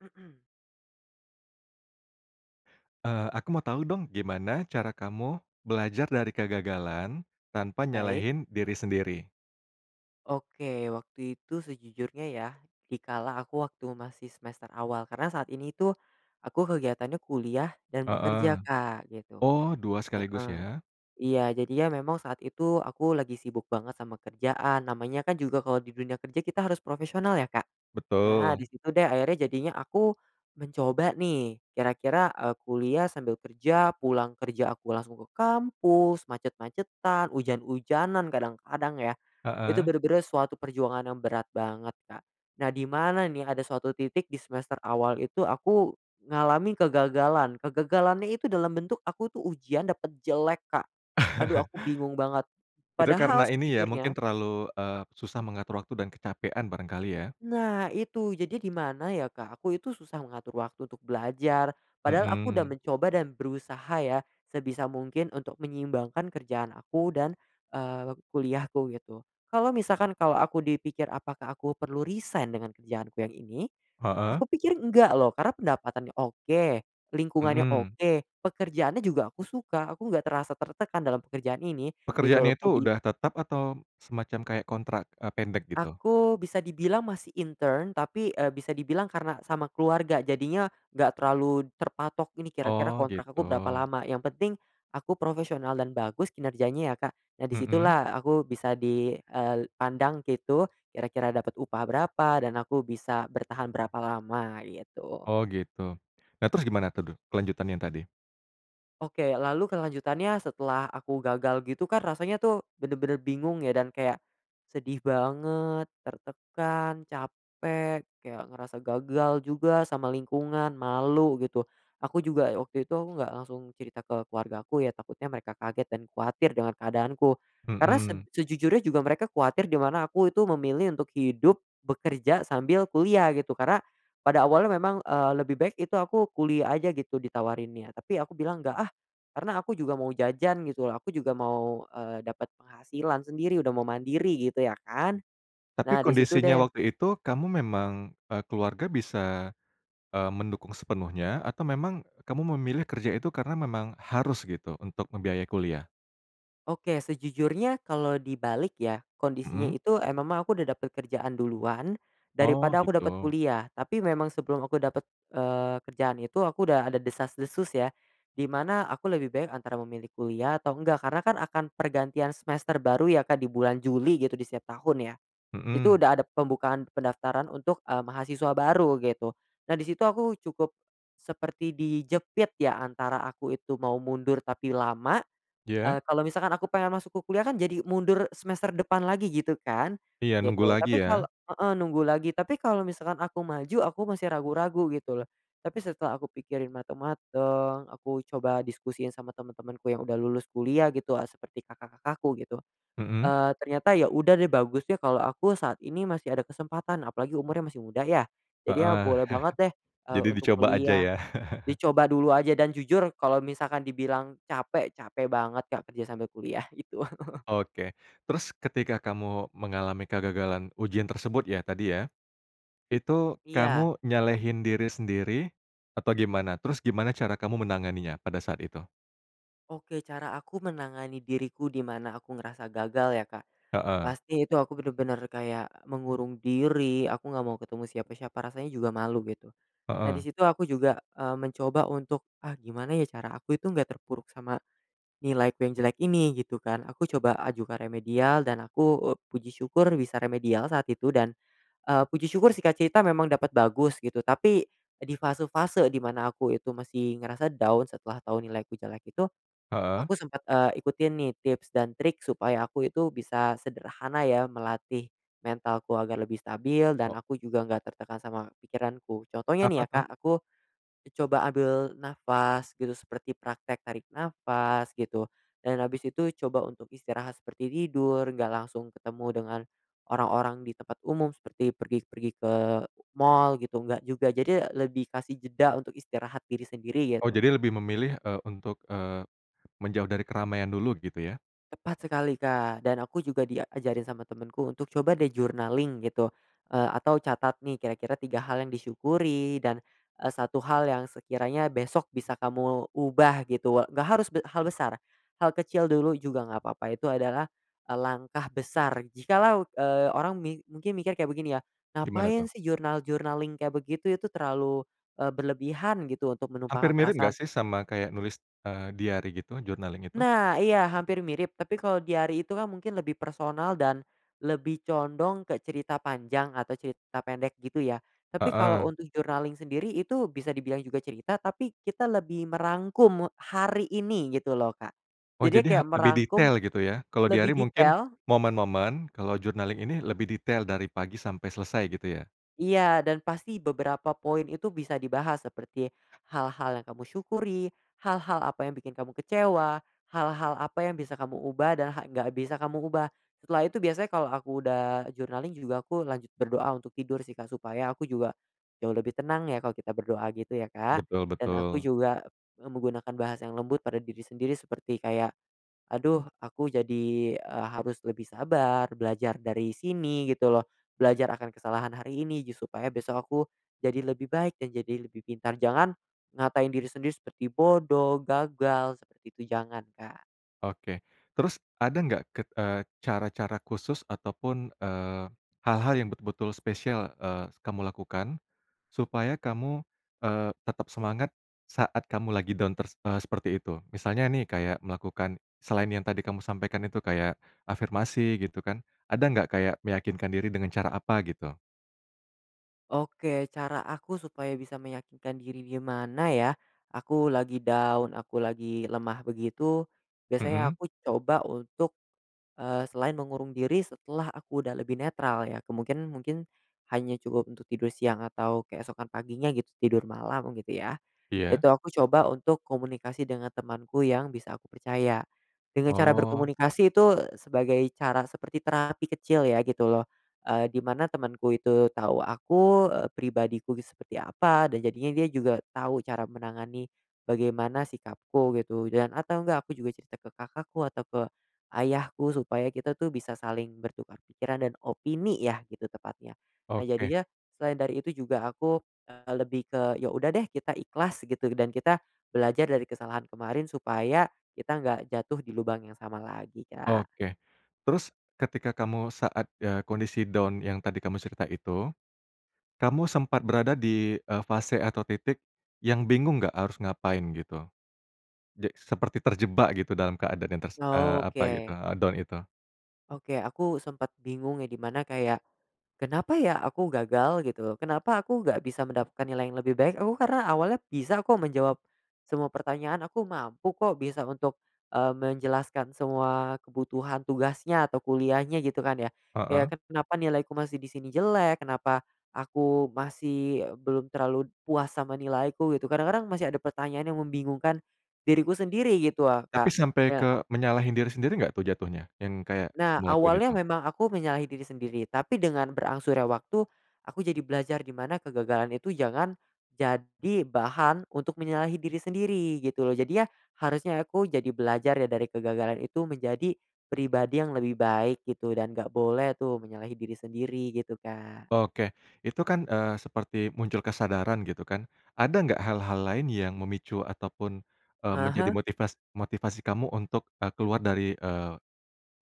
Eee, aku mau tahu dong. Gimana cara kamu belajar dari kegagalan, tanpa Baik. nyalahin diri sendiri? Oke. Waktu itu sejujurnya ya, di kala aku waktu masih semester awal karena saat ini tuh aku kegiatannya kuliah dan bekerja Heeh. Kak, gitu. Oh, dua sekaligus, Heeh. ya. Iya. Jadi ya memang saat itu aku lagi sibuk banget sama kerjaan. Namanya kan juga kalau di dunia kerja kita harus profesional ya, Kak? Nah, di Betul. situ deh akhirnya jadinya aku mencoba nih, kira-kira, eee, kuliah sambil kerja, pulang kerja aku langsung ke kampus, macet-macetan, hujan-hujanan, kadang-kadang ya, itu Heeh. benar-benar suatu perjuangan yang berat banget, Kak. Nah di mana nih ada suatu titik di semester awal itu aku ngalami kegagalan, kegagalannya itu dalam bentuk aku tuh ujian dapat jelek, Kak. Aduh aku bingung banget. Itu karena Padahal ini ya, mungkin sejujurnya terlalu, eee, susah mengatur waktu dan kecapaian barangkali ya. Nah itu. Jadi di mana ya Kak, aku itu susah mengatur waktu untuk belajar. Padahal aku udah Mhm. mencoba dan berusaha ya, sebisa mungkin untuk menyeimbangkan kerjaan aku dan, eee, waktu kuliahku gitu. Kalau misalkan kalau aku dipikir apakah aku perlu resign dengan kerjaanku yang ini, Heeh. aku pikir enggak loh karena pendapatannya oke, lingkungannya Mhm. oke, pekerjaannya juga aku suka. Aku nggak terasa tertekan dalam pekerjaan ini gitu loh, Pekerjaannya itu kodi udah tetap atau semacam kayak kontrak, eee, pendek gitu? Aku bisa dibilang masih intern, tapi, eee, bisa dibilang karena sama keluarga jadinya nggak terlalu terpatok, "Ini kira-kira Oh kontrak aku berapa gitu. lama." Yang penting aku profesional dan bagus kinerjanya ya, Kak. Nah, di Mhm. situlah aku bisa di, eee, pandang gitu, kira-kira dapat upah berapa dan aku bisa bertahan berapa lama gitu. Oh gitu. Nah terus gimana tuh kelanjutan yang tadi? Oke, lalu kelanjutannya setelah aku gagal gitu kan rasanya tuh bener-bener bingung ya dan kayak, sedih banget, tertekan, capek, kayak ngerasa gagal juga sama lingkungan, malu gitu. Aku juga ya waktu itu nggak langsung cerita ke keluargaku ya, takutnya mereka kaget dan kuatir dengan keadaanku. Karena sej Mhm. sejujurnya juga mereka kuatir di mana aku itu memilih untuk hidup bekerja sambil kuliah gitu, karena pada awalnya memang, eee, lebih baik itu aku kuliah aja gitu ditawarinnya, tapi aku bilang, "Nggak ah." Karena aku juga mau jajan gitu loh, aku juga mau, eee, dapet penghasilan sendiri, udah mau mandiri gitu ya kan. Tapi Nah, di situ, kondisinya deh waktu itu, kamu memang, eee, keluarga bisa, eee, mendukung sepenuhnya, atau memang kamu memilih kerja itu karena memang harus gitu untuk membiayai kuliah? Oke, sejujurnya kalau dibalik ya, kondisinya Mhm. itu, eee, memang aku udah dapet kerjaan duluan Oh daripada aku dapat gitu. kuliah. Tapi memang sebelum aku dapat, eee, kerjaan itu aku udah ada desas-desus ya, di mana aku lebih baik antara memilih kuliah atau enggak karena kan akan pergantian semester baru ya Kak, di bulan Juli gitu di setiap tahun ya. Itu Mhm. udah ada pembukaan pendaftaran untuk, eee, mahasiswa baru gitu dan di situ aku cukup seperti dijepit ya antara aku itu mau mundur, tapi lama, Iya? eee, kalau misalkan aku pengen masuk ku kuliah kan jadi mundur semester depan lagi gitu kan, Iya, nunggu gitu. lagi Tapi kalau ya. heeh, nunggu lagi. Tapi kalau misalkan aku maju, aku masih ragu-ragu gitu loh. Tapi setelah aku pikirin mateng-mateng, aku coba diskusiin sama teman-temanku yang udah lulus kuliah gitu, eee, seperti kakak-kakakku gitu, Mhm. eee, ternyata ya udah deh bagus deh kalau aku saat ini masih ada kesempatan apalagi umurnya masih muda ya. Jadi ya Heeh. boleh banget deh, eee, Jadi untuk dicoba aja kuliah, yah. dicoba dulu aja dan jujur kalau misalkan dibilang capek, capek banget Kak, kerja sambil kuliah gitu. Oke. Terus ketika kamu mengalami kegagalan ujian tersebut ya tadi ya, itu Iya. kamu nyalahin diri sendiri atau gimana? Terus gimana cara kamu menanganinya pada saat itu? Oke, cara aku menangani diriku, di mana aku ngerasa gagal ya, Kak? Heeh. Pasti itu aku bener-bener kayak mengurung diri, aku nggak mau ketemu siapa-siapa, rasanya juga malu gitu. Nah di Heeh. situ aku juga, eee, mencoba untuk, "Ah, gimana ya cara aku itu nggak terpuruk sama nilaiku yang jelek ini?" Gitu kan. Aku coba ajukan remedial dan aku, eee, puji syukur bisa remedial saat itu dan, eee, puji syukur singkat cerita memang dapat bagus gitu, tapi di fase-fase di mana aku itu masih ngerasa down setelah tau nilaiku jelek itu, Heeh. aku sempet, eee, ikutin nih tips dan trik supaya aku itu bisa sederhana ya melatih mentalku agar lebih stabil, dan Ho aku juga nggak tertekan sama pikiranku. Contohnya Apa nih ya tuh? Kak, aku coba ambil nafas gitu, seperti praktek tarik nafas gitu, dan habis itu coba untuk istirahat seperti tidur, nggak langsung ketemu dengan orang-orang di tempat umum seperti pergi-pergi ke mal gitu, nggak juga. Jadi lebih kasih jeda untuk istirahat diri sendiri Oh, gitu. jadi lebih memilih, eee, untuk, eee, menjauh dari keramaian dulu gitu ya? Tepat sekali Kak, dan aku juga diajarin sama temenku untuk, "Coba deh journaling gitu." Eee, atau, "Catat nih, kira-kira 3 hal yang disyukuri dan, eee, 1 hal yang sekiranya besok bisa kamu ubah." Gitu, we nggak harus be hal besar, hal kecil dulu juga nggak papa, itu adalah langkah besar jikalau, eee, orang ming mungkin mikir kayak begini ya, Gimana tuh? "Ngapain sih journal-journaling kayak begitu? Itu terlalu, eee, berlebihan gitu untuk Hampir menumpahkan mirip perasaan" gak sih sama kayak nulis, eee, diari gitu? Journaling itu? Nah! Iya, hampir mirip, tapi kalau diari itu kan mungkin lebih personal dan lebih condong ke cerita panjang atau cerita pendek gitu ya. Tapi kalau Heeh. untuk journaling sendiri itu bisa dibilang juga cerita, tapi kita lebih merangkum, me hari ini gitu loh, Kak. Oh, Jadi jadi ha kayak lebih merangkum detail gitu ya. Kalau lebih diari mungkin detail momen-momen, kalau journaling ini lebih detail dari pagi sampai selesai gitu ya? Iya, dan pasti beberapa poin itu bisa dibahas seperti hal-hal yang kamu syukuri, hal-hal apa yang bikin kamu kecewa, hal-hal apa yang bisa kamu ubah dan ha nggak bisa kamu ubah. Setelah itu biasanya kalau aku udah journaling juga aku lanjut berdoa untuk tidur sih Kak, supaya aku juga jauh lebih tenang ya kalau kita berdoa gitu ya, Kak. Betul Dan aku betul. juga, eee, menggunakan bahasa yang lembut pada diri sendiri seperti kayak, "Aduh, aku jadi, eee, harus lebih sabar, belajar dari sini gitu loh, belajar akan kesalahan hari ini ju supaya besok aku jadi lebih baik dan jadi lebih pintar." Jangan ngatain diri sendiri seperti bodoh, gagal, seperti itu jangan, Kak. Oke. Terus ada nggak ke eee, cara-cara khusus ataupun, eee, hal-hal yang betul-betul spesial, eee, kamu lakukan, supaya kamu, eee, tetap semangat saat kamu lagi down ters eee, seperti itu? Misalnya nih, kayak melakukan, selain yang tadi kamu sampaikan itu, kayak afirmasi gitu kan, ada nggak kayak meyakinkan diri dengan cara apa gitu? Oke, cara aku supaya bisa meyakinkan diri gimana ya? Aku lagi down, aku lagi lemah begitu biasanya Mhm. aku coba untuk, eee, selain mengurung diri setelah aku udah lebih netral ya, kemungkin mungkin hanya cukup untuk tidur siang atau keesokan paginya gitu tidur malam gitu ya. Iya. Itu aku coba untuk komunikasi dengan temanku yang bisa aku percaya. Dengan cara Oh. berkomunikasi itu sebagai cara, seperti terapi kecil ya gitu loh, eee, di mana temanku itu tau aku, eee, pribadiku gi seperti apa, dan jadinya dia juga tau cara menangani bagaimana sikapku, gitu. Dan atau nggak aku juga cerita ke kakakku atau ke ayahku supaya kita tuh bisa saling bertukar pikiran dan opini ya, gitu tepatnya. Nah Oke. jadinya selain dari itu juga aku, eee, lebih ke, ya udah deh, kita ikhlas gitu, dan kita belajar dari kesalahan kemarin, supaya kita nggak jatuh di lubang yang sama lagi, Kak. Oke. Terus, ketika kamu saat, eee, kondisi down yang tadi kamu cerita itu, kamu sempat berada di, eee, fase atau titik yang bingung nggak harus ngapain gitu? Je seperti terjebak gitu dalam keadaan yang ters eee, apa gitu, Oke. eee, down itu? Oke. Aku sempet bingung ya di mana kayak, "Kenapa ya aku gagal?" Gitu, "Kenapa aku nggak bisa mendapatkan nilai yang lebih baik?" Aku karena awalnya bisa kok menjawab semua pertanyaan, aku mampu kok, bisa untuk, eee, menjelaskan semua kebutuhan tugasnya atau kuliahnya gitu kan ya. Heeh. Kayak, "Kenapa nilaiku masih di sini jelek? Kenapa aku masih belum terlalu puas sama nilaiku?" Gitu. Kadang-kadang masih ada pertanyaan yang membingungkan diriku sendiri gitu ah, Tapi Kak. sampai ke Ya. menyalahin diri sendiri gak tuh jatuhnya, yang kayak Nah, kamu lakuin itu? awalnya memang aku menyalahi diri sendiri, tapi dengan berangsurnya waktu, aku jadi belajar di mana kegagalan itu jangan jadi bahan untuk menyalahi diri sendiri gitu loh. Jadinya, harusnya aku jadi belajar ya dari kegagalan itu menjadi pribadi yang lebih baik gitu, dan gak boleh tuh menyalahi diri sendiri gitu, Kak. Oke. Itu kan, eee, seperti muncul kesadaran gitu kan. Ada nggak hal-hal lain yang memicu ataupun, eee, Ah menjadi hah. motivas motivasi kamu untuk, eee, keluar dari, eee,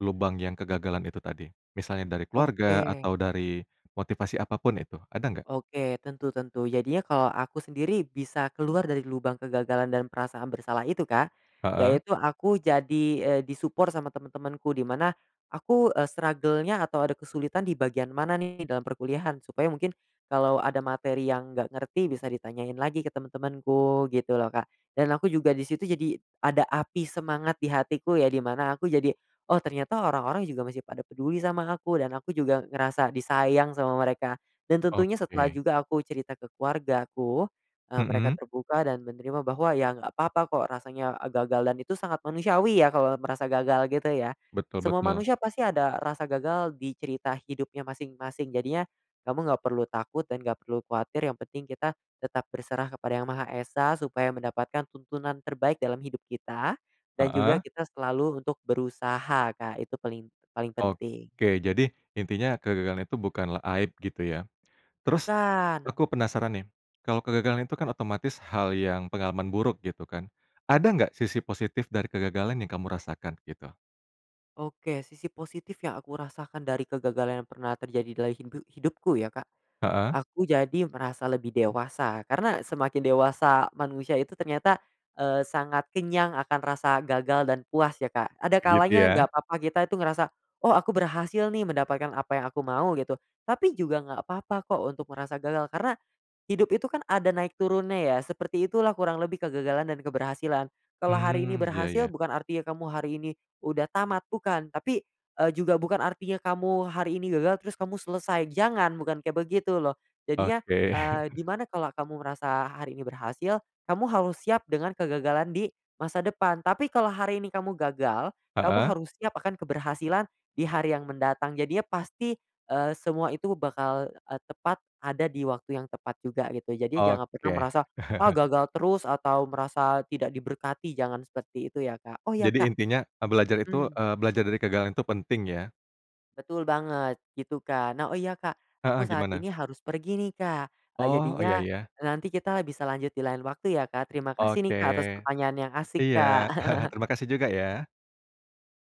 lubang yang kegagalan itu tadi? Misalnya dari keluarga Oke. atau dari motivasi apa pun itu, ada nggak? Oke, tentu tentu. Jadinya kalau aku sendiri bisa keluar dari lubang kegagalan dan perasaan bersalah itu Kak, Heeh. yaitu aku jadi, eee, di-support sama teman-temanku. Di mana aku, eee, struggle-nya atau ada kesulitan di bagian mana nih dalam perkuliahan, supaya mungkin kalau ada materi yang nggak ngerti bisa ditanyain lagi ke temen-temenku gitu loh, Kak. Dan aku juga di situ jadi ada api semangat di hatiku ya, di mana aku jadi, "Oh, ternyata orang-orang juga masih pada peduli sama aku." Dan aku juga ngerasa disayang sama mereka. Dan tentunya setelah Oke. juga aku cerita ke keluargaku, eee, mereka Mhm. terbuka dan menerima bahwa, ya nggak papa kok rasanya e gagal dan itu sangat manusiawi ya kalau merasa gagal, gitu ya. Betul Semua betul. manusia pasti ada rasa gagal di cerita hidupnya masing-masing, jadinya kamu nggak perlu takut dan nggak perlu kuatir, yang penting kita tetap berserah kepada Yang Maha Esa supaya mendapatkan tuntunan terbaik dalam hidup kita, dan juga Heeh. kita selalu untuk berusaha Kak, itu paling paling penting. Oke. Jadi intinya kegagalan itu bukanlah aib gitu ya. Terus Bukan. aku penasaran nih. Kalau kegagalan itu kan otomatis hal yang pengalaman buruk gitu kan? Ada nggak sisi positif dari kegagalan yang kamu rasakan, gitu? Oke. Sisi positif yang aku rasakan dari kegagalan yang pernah terjadi dalam hidu hidupku ya Kak, Heeh. aku jadi merasa lebih dewasa. Karena semakin dewasa manusia itu ternyata, eee, sangat kenyang akan rasa gagal dan puas ya, Kak. Ada Kek gitu kalanya ya? nggak papa kita itu ngerasa, "Oh, aku berhasil nih mendapatkan apa yang aku mau." Gitu. Tapi juga nggak papa kok, untuk merasa gagal, karena hidup itu kan ada naik turunnya ya, seperti itulah kurang lebih kegagalan dan keberhasilan. Kalau hari ini Mmm, ya berhasil ya. bukan artinya kamu hari ini udah tamat, bukan, tapi, eee, juga bukan artinya kamu hari ini gagal terus kamu selesai, jangan, bukan kayak begitu loh. Jadinya, Oke. eee, di mana kalo kamu merasa hari ini berhasil, kamu harus siap dengan kegagalan di masa depan, tapi kalau hari ini kamu gagal, kamu Heeh. harus siap akan keberhasilan di hari yang mendatang, jadinya pasti, eee, semua itu bakal, eee, tepat, ada di waktu yang tepat juga, gitu. Jadi jangan pernah Oke. merasa, "Ah gagal terus," atau merasa tidak diberkati. Jangan seperti itu ya, Kak. Oh ya, Jadi Kak intinya e belajar itu, Mhm. eee, belajar dari kegagalan itu penting ya. Betul banget. Gitu, Kak. Nah oh iya, Kak aku Heeh, saat gimana? ini harus pergi nih, Kak. Eee, Oh, oh ya jadinya ya. e nanti kita bisa lanjut di lain waktu ya, Kak. Terima kasih nih Oke. Kak, atas pertanyaan yang asik, Iya. Kak. Terima kasih juga ya.